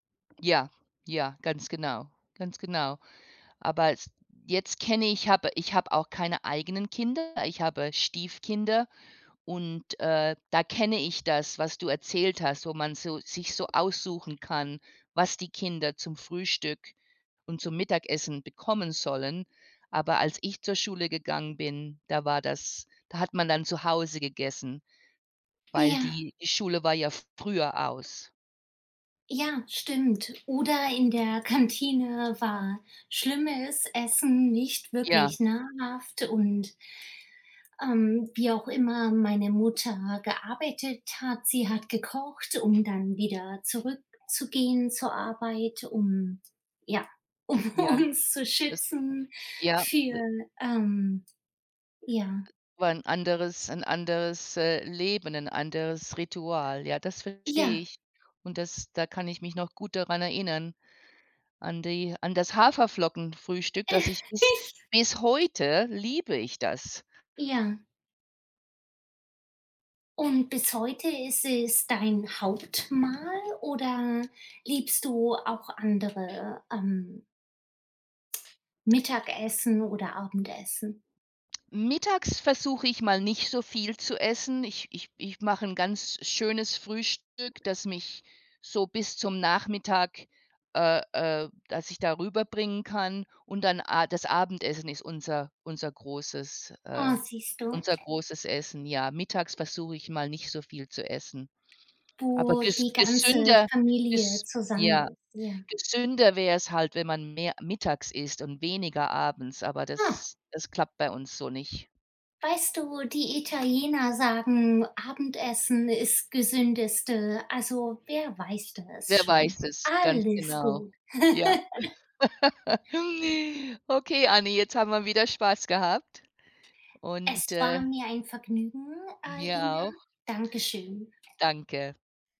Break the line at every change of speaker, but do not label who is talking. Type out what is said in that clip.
Ja, ja, ganz genau. Ganz genau. Aber s jetzt kenne ich hab ich habe auch keine eigenen Kinder, ich habe Stiefkinder und, äh, da kenne ich das, was du erzählt hast, wo man so sich so aussuchen kann, was die Kinder zum Frühstück und zum Mittagessen bekommen sollen. Aber als ich zur Schule gegangen bin, da war das da hat man dann zu Hause gegessen, weil
Ja.
die die Schule war ja früher aus.
Ja, stimmt. Oder in der Kantine war schlimmes Essen, nicht
Ja.
wirklich nahrhaft und, ähm, wie auch immer meine Mutter gearbeitet hat, sie hat gekocht, um dann wieder zurückzugehen zur Arbeit, um ja, um
Ja,
uns zu
das,
schützen
ja,
für,
d
ähm ja.
War 'n anderes 'n anderes, äh, Leben, 'n anderes Ritual. Ja, das verstehe
Ja.
ich. Und das, da kann ich mich noch gut daran erinnern an die an das Haferflockenfrühstück, das ich bis bis heute liebe ich das.
Ja. Und bis heute ist es dein Hauptmahl oder liebst du auch andere, ähm Mittagessen oder Abendessen?
Mittags versuche ich mal nicht so viel zu essen. Ich ich ich mache 'n ganz schönes Frühstück, das mich so bis zum Nachmittag äh, äh, dass ich da rüberbringen kann und dann a das Abendessen ist unser unser großes
Oh,
äh,
siehst du.
unser großes Essen, ja, mittags versuche ich mal nicht so viel zu essen. Aber
Wo
ges
die ganze
gesünder
Familie
ist
zusammen
ja,
ist, ja.
gesünder wäre es halt, wenn man mehr mittags isst und weniger abends, aber
Ah.
das das klappt bei uns so nicht.
Weißt du, die Italiener sagen, Abendessen ist gesündeste, also wer weiß das
Wer
schon?
weiß es? Ganz
Alles
genau.
gut.
Ja. Okay, Anni, jetzt haben wir wieder Spaß gehabt und,
Es war
äh
mir ein Vergnügen,
Mir
Aina.
auch.
Danke schön.
Danke.